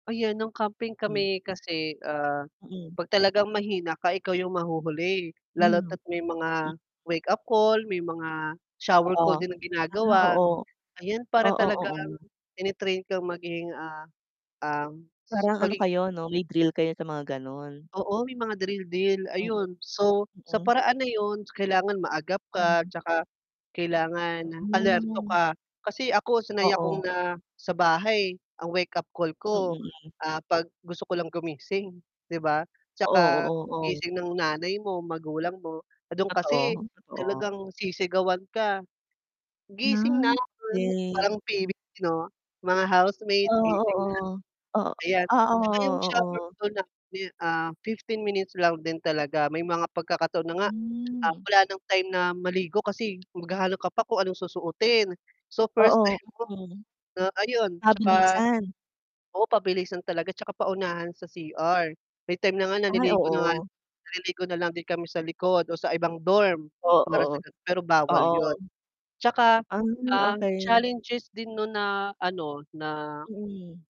Ayan nung camping Hmm. kami kasi, ah, Mm. 'pag talagang mahina ka ikaw yung mahuhuli, lalo Hmm. at may M mga wake-up call, may mga shower Oo. call din na Ah, ginagawa, oo. ayan para Oo, talagang oo. tine-train kang maging, ah, ah, s Parang ano pagigi kayo 'no, may drill kayo sa mga gano'n? Oo, may mga drill deal [unintelligible] ayun. So, sa Mm. paraan na 'yun kailangan maagap ka, Hmm. 'tsaka kailangan alerto Hmm. ka. Kasi ako sanay Oo. akong na sa bahay ang wake-up call Ang ko, ingay. ah, 'pag gusto ko lang gumising, 'di ba? Oo, 'Tsaka oo, oo. gising ng nanay mo, magulang mo do'n kasi Totoo, talagang totoo. sisigawan ka. "Gising na!" Ah, okey. Parang PBB 'no? "Mga Ah, housemates gising na." oo. O Ayan, ah, 'tsaka yung oo, shower oo. call namin, ah, 15 minutes lang din talaga may mga pagkakataon na nga, ah, Hmm. wala ng time na maligo kasi maghahanap ka pa kung anong susuotin. So first Oo, time mo mm. na ayun 'tsaka Mabilisan. oo, pabilisan talaga 'tsaka paunahan sa CR. May time na nga Ay, naliligo na nga lang oo. naliligo na lang din kami sa likod o sa ibang dorm, para sa Oo. ga pero bawal 'yun. Oo. 'Tsaka, Ay, ang okey. challenges din no'n na ano na Mm.